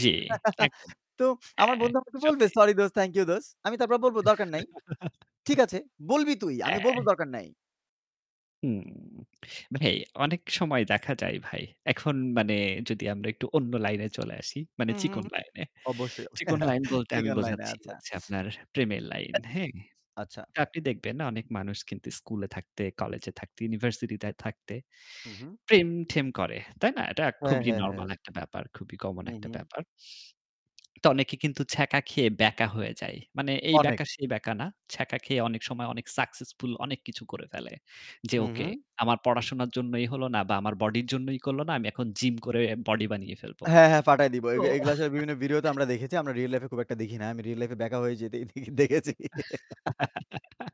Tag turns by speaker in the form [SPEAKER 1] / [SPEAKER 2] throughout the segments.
[SPEAKER 1] জ্বী, একদম।
[SPEAKER 2] তো আমার
[SPEAKER 1] হ্যাঁ,
[SPEAKER 2] বন্ধু আমাকে বলবে,
[SPEAKER 1] সত্যি।
[SPEAKER 2] "সরি দোস্ত, থ্যাংক ইউ দোস্ত।" আমি তারপর বলব দরকার নাই। ঠিক আছে, বলবি তুই, আমি বলব
[SPEAKER 1] হ্যা।
[SPEAKER 2] দরকার নাই।
[SPEAKER 1] হুম। মানে অনেক সময় দেখা যায় ভাই। এখন মানে যদি আমরা একটু অন্য লাইনে চলে আসি, মানে
[SPEAKER 2] হু, হু,
[SPEAKER 1] চিকন
[SPEAKER 2] হু।
[SPEAKER 1] লাইনে।
[SPEAKER 2] অবশ্যই।
[SPEAKER 1] চিকন লাইন বলতে আমি
[SPEAKER 2] চিকেন লাইন
[SPEAKER 1] বোঝাচ্ছি
[SPEAKER 2] আচ্ছা।
[SPEAKER 1] আপনার প্রেমের লাইন। হ্যাঁ?
[SPEAKER 2] আচ্ছা।
[SPEAKER 1] তো আপনি দেখবেন অনেক মানুষ কিন্তু স্কুলে থাকতে, কলেজে থাকতে, ইউনিভার্সিটি তে থাকতে
[SPEAKER 2] হু, হু।
[SPEAKER 1] প্রেম-ঠেম করে। তাই না? এটা
[SPEAKER 2] হ্যাঁ,
[SPEAKER 1] খুবই
[SPEAKER 2] হ্যাঁ, হ্যাঁ।
[SPEAKER 1] নরমাল একটা ব্যাপার। খুবই কমন
[SPEAKER 2] হু,
[SPEAKER 1] একটা
[SPEAKER 2] হু।
[SPEAKER 1] ব্যাপার। তো অনেকে কিন্তু ছ্যাঁকা খেয়ে বেঁকা হয়ে যায়। মানে এই
[SPEAKER 2] অনেক।
[SPEAKER 1] ব্যাকা সেই ব্যাকা না। ছ্যাকা খেয়ে অনেক সময় অনেক সাকসেসফুল অনেক কিছু করে ফেলে। যে
[SPEAKER 2] হু,
[SPEAKER 1] ওকে
[SPEAKER 2] হু।
[SPEAKER 1] আমার পড়াশোনার জন্যই হলো না বা আমার বডির জন্যই করল না। আমি এখন জিম করে বডি বানিয়ে ফেলবো।
[SPEAKER 2] হ্যাঁ, হ্যাঁ পাঠায় দিব। এ
[SPEAKER 1] তো
[SPEAKER 2] এগুলো আসলে বিভিন্ন ভিডিও তো আমরা দেখেছি। আমরা রিয়াল লাইফ এ খুব একটা দেখি না। আমি রিয়াল লাইফ এ ব্যাকা হয়ে যেতেই দেখেছি।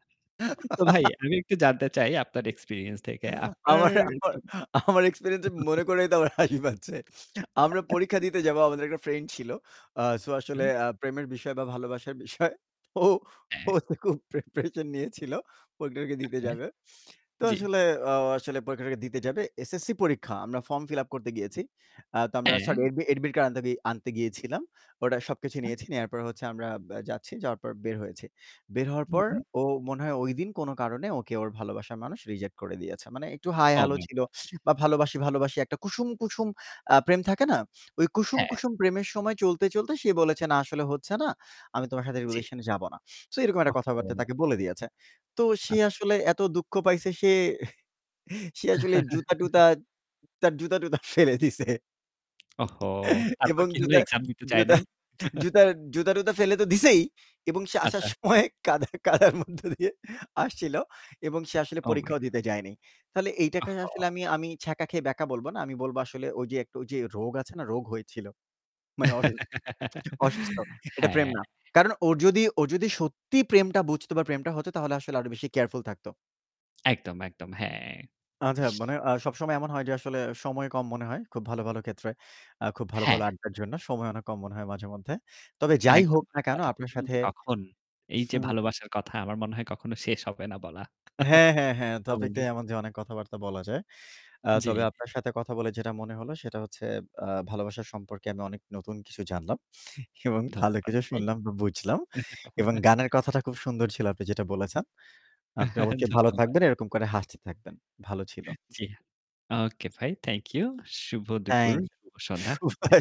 [SPEAKER 1] তো ভাই আমি একটু জানতে চাই আপনার এক্সপেরিয়েন্স থেকে। আপনার
[SPEAKER 2] আমার আমার
[SPEAKER 1] কি
[SPEAKER 2] আমার এক্সপেরিয়েন্স মনে করেই তো আমার হাসি পাচ্ছে। আমরা পরীক্ষা দিতে যাবো। আমাদের একটা ফ্রেন্ড ছিল। আ সো
[SPEAKER 1] আচ্ছা।
[SPEAKER 2] আসলে আ প্রেমের বিষয় বা ভালোবাসার বিষয় ও
[SPEAKER 1] হ্যাঁ।
[SPEAKER 2] তো খুব প্রিপারেশন নিয়েছিল। পরীক্ষাটাকে দিতে
[SPEAKER 1] ওকে।
[SPEAKER 2] যাবে। তো
[SPEAKER 1] জ্বি।
[SPEAKER 2] আসলে আ আসলে পরীক্ষাটাকে দিতে যাবে। এসএসসি পরীক্ষা। আমরা ফর্ম ফিল আপ করতে গিয়েছি। তো আমরা আ
[SPEAKER 1] হ্যাঁ।
[SPEAKER 2] সরি এডমিট-কার্ড আনতে গিয়েছিলাম। ওটা সবকিছু
[SPEAKER 1] আচ্ছা।
[SPEAKER 2] নিয়েছি, নেয়ার পর হচ্ছে আমরা আ যাচ্ছি, যাওয়ার পর বের হয়েছি। বের হওয়ার
[SPEAKER 1] হু,
[SPEAKER 2] পর
[SPEAKER 1] হু।
[SPEAKER 2] ও মনে হয় ঐদিন কোন কারণে ওকে ওর ভালোবাসার মানুষ রিজেক্ট করে দিয়েছে। মানে একটু হায়
[SPEAKER 1] ওহ
[SPEAKER 2] হ্যালো
[SPEAKER 1] মাই
[SPEAKER 2] ছিল
[SPEAKER 1] গড!
[SPEAKER 2] বা ভালোবাসি, ভালোবাসি একটা কুসুম, কুসুম আ প্রেম থাকে না। ওই কুসুম,
[SPEAKER 1] হ্যাঁ।
[SPEAKER 2] কুসুম প্রেমের সময় চলতে, চলতে সে বলেছে না আসলে হচ্ছে না, আমি তোমার সাথে
[SPEAKER 1] জ্বি।
[SPEAKER 2] রিলেশন যাবো না। সো এরকম একটা কথাবার্তা
[SPEAKER 1] ওহহো!
[SPEAKER 2] তাকে বলে দিয়েছে। তো সে
[SPEAKER 1] আচ্ছা, আচ্ছা।
[SPEAKER 2] আসলে এত দুঃখ পাইছে সে, সে আসলে জুতা-টুতা, তার জুতা-টুতা ফেলে দিছে।
[SPEAKER 1] ওহো! তারপর
[SPEAKER 2] এবং
[SPEAKER 1] কি হলো
[SPEAKER 2] জুতা,
[SPEAKER 1] এক্সাম দিতে চায়
[SPEAKER 2] জুতা,
[SPEAKER 1] নাই?
[SPEAKER 2] জুতা-টুতা ফেলে তো দিছেই এবং সে আসার
[SPEAKER 1] আচ্ছা।
[SPEAKER 2] সময় কাদা কাদার মধ্য দিয়ে আসছিল। এবং সে আসলে
[SPEAKER 1] ও মাই
[SPEAKER 2] পরীক্ষাও
[SPEAKER 1] গড!
[SPEAKER 2] দিতে যায়নি। তাহলে এইটাকে আসলে
[SPEAKER 1] আহা!
[SPEAKER 2] আমি, আমি ছ্যাঁকা খেয়ে ব্যাকা বলব না। আমি বলব আসলে ওই যে, ওই যে রোগ আছে না রোগ হয়েছিল। মানে অসু অসুস্থ। এটা প্রেম
[SPEAKER 1] হ্যাঁ।
[SPEAKER 2] না। কারণ ও যদি ও যদি সত্যি প্রেমটা বুঝত বা প্রেমটা হত তাহলে আসলে আরো বেশি কেয়ারফুল থাকত।
[SPEAKER 1] একদম একদম, হ্যাঁ।
[SPEAKER 2] আচ্ছা মানে আ সবসময় এমন হয় যে, আসলে সময় কম মনে হয়, খুব ভালো, ভালো ক্ষেত্রে। আ খুব ভালো, ভালো
[SPEAKER 1] হ্যাঁ।
[SPEAKER 2] আড্ডার জন্য সময় অনেক কম মনে হয় মাঝে মধ্যে। তবে যাই
[SPEAKER 1] একদম।
[SPEAKER 2] হোক না
[SPEAKER 1] আর
[SPEAKER 2] কেন
[SPEAKER 1] কথা
[SPEAKER 2] আপনার
[SPEAKER 1] বলতে
[SPEAKER 2] সাথে
[SPEAKER 1] বলতে কখন? এই যে ভালোবাসার কথা আমার মনে হয় কখনো শেষ হবে না বলা।
[SPEAKER 2] হ্যাঁ, হ্যাঁ, হ্যাঁ। টপিক
[SPEAKER 1] এমনি।
[SPEAKER 2] টাই এমন অনেক কথাবার্তা বলা যায়। আ
[SPEAKER 1] জ্বি।
[SPEAKER 2] তবে আপনার সাথে কথা বলে যেটা মনে হলো সেটা হচ্ছে আ ভালোবাসা সম্পর্কে আমি অনেক নতুন কিছু জানলাম। এবং ভালো
[SPEAKER 1] ধন্যবাদ
[SPEAKER 2] কিছু
[SPEAKER 1] ভাই।
[SPEAKER 2] শুনলাম,
[SPEAKER 1] আচ্ছা।
[SPEAKER 2] বুঝলাম। এবং গানের কথাটা খুব সুন্দর ছিল আপনি যেটা বলেছেন। আপনি অবশ্যই ভালো
[SPEAKER 1] ধন্যবাদ।
[SPEAKER 2] থাকবেন, এরকম করে হাসতে থাকবেন। ভালো ছিল।
[SPEAKER 1] জ্বি। ওকে ভাই, থ্যাংক-ইউ। শুভ দুপুর,
[SPEAKER 2] থ্যাংক-ইউ।
[SPEAKER 1] শুভ সন্ধ্যা।
[SPEAKER 2] [unintelligible]